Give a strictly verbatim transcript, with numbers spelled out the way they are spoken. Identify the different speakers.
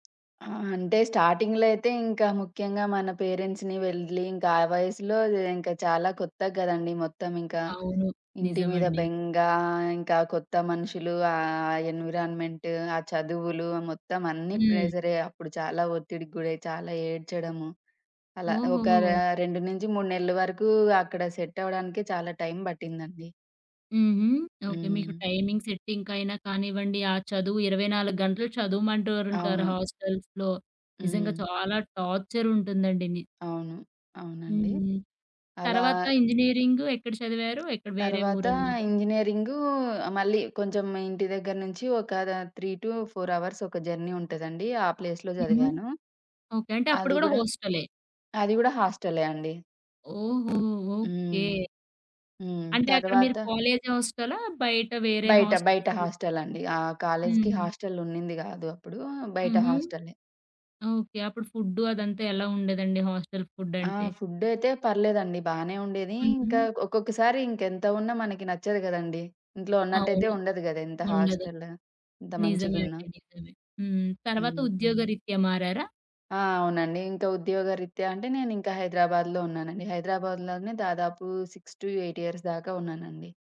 Speaker 1: ఆ! అంటే స్టార్టింగ్‌లో అయితే ఇంకా ముఖ్యంగా మన పేరెంట్స్‌ని వెళ్లి ఇంకా ఆ వయసులో ఇంకా చాలా కొత్తగదండీ! మొత్తం ఇంకా.
Speaker 2: అవును.
Speaker 1: ఇంటి మీద
Speaker 2: నిజమండి.
Speaker 1: బెంగా, ఇంకా కొత్త మనుషులు, ఆ ఎన్విరాన్‌మెంట్, ఆ చదువులు మొత్తం అన్నీ
Speaker 2: హ్మ్.
Speaker 1: ప్రెషరే అప్పుడు చాలా ఒత్తిడికి గురై చాలా ఏడ్చడము. అలా ఒక ర
Speaker 2: ఓహో!
Speaker 1: రెండు నుంచి మూడు నెలలు వరకు అక్కడ సెట్ అవ్వడానికే చాలా టైం పట్టిందండి.
Speaker 2: హుహు. ఓకే మీకు
Speaker 1: హ్మ్.
Speaker 2: టైమింగ్ సెట్టింగ్‌కైనా కానివ్వండి, ఆ చదువు ఇరవై నాలుగు గంటలు చదవమంటూ ఓరుంటారు
Speaker 1: అవును.
Speaker 2: హాస్టల్స్‌లో. నిజంగా
Speaker 1: హ్మ్.
Speaker 2: చాలా టార్చర్ ఉంటుందండి. ని
Speaker 1: అవును.
Speaker 2: హ్మ్.
Speaker 1: అవునండి.
Speaker 2: హ్మ్.
Speaker 1: అలా
Speaker 2: తర్వాత ఇంజినీరింగ్ ఎక్కడ చదివారు? ఎక్కడ వేరే
Speaker 1: తర్వాత
Speaker 2: ఊరు అన్నారు?
Speaker 1: ఇంజనీరింగు మళ్ళీ కొంచెం ఇంటి దగ్గర నుంచి ఒక దా త్రీ టు ఫోర్ అవర్స్ ఒక జర్నీ ఉంటదండి. ఆ ప్లేస్‌లో
Speaker 2: హుహు.
Speaker 1: చదివాను.
Speaker 2: ఓకే. అంటే అప్పుడు
Speaker 1: అది
Speaker 2: కూడా
Speaker 1: గూడా
Speaker 2: హోస్టలే.
Speaker 1: అది గూడా హాస్టలే అండి.
Speaker 2: ఓహో! ఓకే.
Speaker 1: హ్మ్. హ్మ్.
Speaker 2: అంటే అక్కడ మీరు
Speaker 1: తర్వాత
Speaker 2: కాలేజ్ హోస్టలా? బయట వేరే
Speaker 1: బయట, బయట
Speaker 2: హాస్టల్స్
Speaker 1: హాస్టల్ అండి. ఆ! కాలేజ్‌కి
Speaker 2: హ్మ్.
Speaker 1: హాస్టల్ ఉన్నింది కాదు అప్పుడు బయట
Speaker 2: హుహు.
Speaker 1: హాస్టలే.
Speaker 2: ఓకే. అప్పుడు ఫుడ్డు అదంతా ఎలా ఉండేదండి హాస్టల్ ఫుడ్
Speaker 1: ఆ!
Speaker 2: అంటే?
Speaker 1: ఫుడ్ అయితే పర్లేదండి! బానే ఉండేది. ఇంకా
Speaker 2: హుహు.
Speaker 1: ఒక్కొక్కసారి ఇంకా ఎంత ఉన్నా మనకి నచ్చదు కదండీ! ఇంట్లో ఉన్నట్టయితే
Speaker 2: అవును.
Speaker 1: ఉండదు గదా! ఎంత
Speaker 2: ఉండదు.
Speaker 1: హాస్టల్, ఇంత
Speaker 2: నిజమే
Speaker 1: మంచిగున్నా.
Speaker 2: అండి. నిజమే. హ్మ్. తర్వాత
Speaker 1: హ్మ్.
Speaker 2: ఉద్యోగరీత్యా మారారా?
Speaker 1: ఆ! అవునండి. ఇంకా ఉద్యోగరీత్యా అంటే నేనింకా హైదరాబాద్‌లో ఉన్నానండి. హైదరాబాద్‌లోనే దాదాపు సిక్స్ టు ఎయిట్ ఇయర్స్ దాకా ఉన్నానండి.